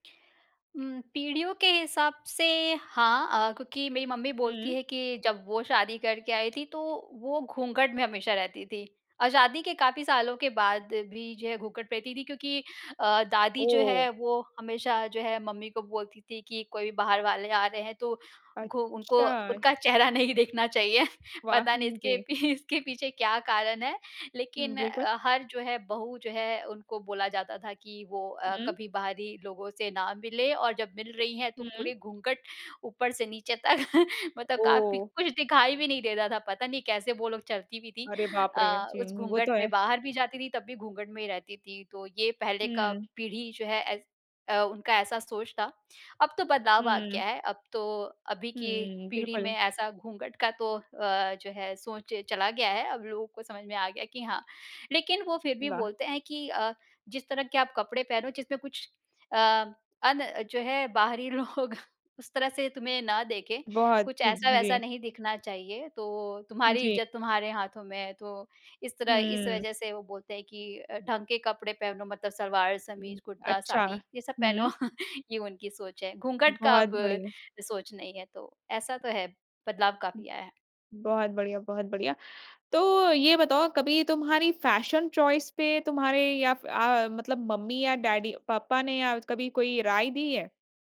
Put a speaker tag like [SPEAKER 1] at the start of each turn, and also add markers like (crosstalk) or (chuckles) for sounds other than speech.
[SPEAKER 1] हुँ, पीढ़ियों के हिसाब से, हाँ अ, क्योंकि मेरी मम्मी बोलती
[SPEAKER 2] हुँ।
[SPEAKER 1] है कि जब वो शादी करके आई थी, तो वो घूँघट में हमेशा रहती थी। और शादी के काफ़ी सालों के बाद भी जो है घूँघट पहनती थी क्योंकि अ, दादी जो
[SPEAKER 2] ओह!
[SPEAKER 1] है वो हमेशा जो है मम्मी को बोलती थी कि कोई भी बाहर वाले आ रहे हैं तो, घु उनको
[SPEAKER 2] अच्छा।
[SPEAKER 1] उनका चेहरा नहीं देखना चाहिए।
[SPEAKER 2] वाह!
[SPEAKER 1] पता नहीं इसके
[SPEAKER 2] जी।
[SPEAKER 1] पी इसके पीछे क्या कारण है।
[SPEAKER 2] हुँ,
[SPEAKER 1] लेकिन
[SPEAKER 2] बिल्कुल।
[SPEAKER 1] अ, हर जो है, बहू जो है, उनको बोला जाता था कि वो अ,
[SPEAKER 2] हुँ।
[SPEAKER 1] कभी बाहरी लोगों से ना मिले और जब मिल रही हैं तो
[SPEAKER 2] हुँ।
[SPEAKER 1] पूरे घूँघट ऊपर से नीचे तक मतलब काफ़ी
[SPEAKER 2] ओह!
[SPEAKER 1] कुछ दिखाई भी नहीं देता था, पता नहीं कैसे वो लोग चलती भी थीं।
[SPEAKER 2] अरे बाप रे!
[SPEAKER 1] अ, उस
[SPEAKER 2] जी, वो
[SPEAKER 1] घूँघट
[SPEAKER 2] तो है।
[SPEAKER 1] में बाहर भी जाती थी तब भी घूँघट में ही रहती थी तो ये पहले का
[SPEAKER 2] हुँ।
[SPEAKER 1] पीढ़ी जो है ऐस अ, उनका ऐसा सोच था। अब तो बदलाव आ गया
[SPEAKER 2] हुँ।
[SPEAKER 1] है। अब तो, अभी की
[SPEAKER 2] हुँ,
[SPEAKER 1] पीढ़ी में
[SPEAKER 2] बिल्कुल।
[SPEAKER 1] ऐसा घूँघट का तो अ, जो है सोच चला गया है। अब लोगों को समझ में आ गया कि हाँ। लेकिन वो फिर भी
[SPEAKER 2] वाह!
[SPEAKER 1] बोलते हैं कि अ, "जिस तरह के आप कपड़े पहनो जिसमें कुछ अ, अन जो है बाहरी लोग उस तरह से तुम्हें ना देखें।
[SPEAKER 2] बहुत,
[SPEAKER 1] कुछ
[SPEAKER 2] जी, जी,
[SPEAKER 1] ऐसा-वैसा
[SPEAKER 2] जी।
[SPEAKER 1] नहीं दिखना चाहिए, तो तुम्हारी
[SPEAKER 2] जी।
[SPEAKER 1] इज़्ज़त तुम्हारे हाथों में है।" तो इस तरह, इस
[SPEAKER 2] हुँ।
[SPEAKER 1] वजह से वो बोलते हैं कि अ, "ढंग के कपड़े पहनो मतलब सलवार-समीज़, कुर्ता,
[SPEAKER 2] अच्छा,
[SPEAKER 1] साड़ी, ये सब पहनो।"
[SPEAKER 2] हुँ।
[SPEAKER 1] (chuckles) ये उनकी सोच है। घूँघट का
[SPEAKER 2] बहुत
[SPEAKER 1] अब,
[SPEAKER 2] बढ़िया।
[SPEAKER 1] सोच नहीं है तो, ऐसा तो है, बदलाव काफ़ी आया है।
[SPEAKER 2] बहुत बढ़िया, बहुत बढ़िया। तो, ये बताओ कभी तुम्हारी फ़ैशन चॉइस पे तुम्हारे या फ़ अ, मतलब मम्मी या डैडी पापा ने या कभी कोई राय दी है?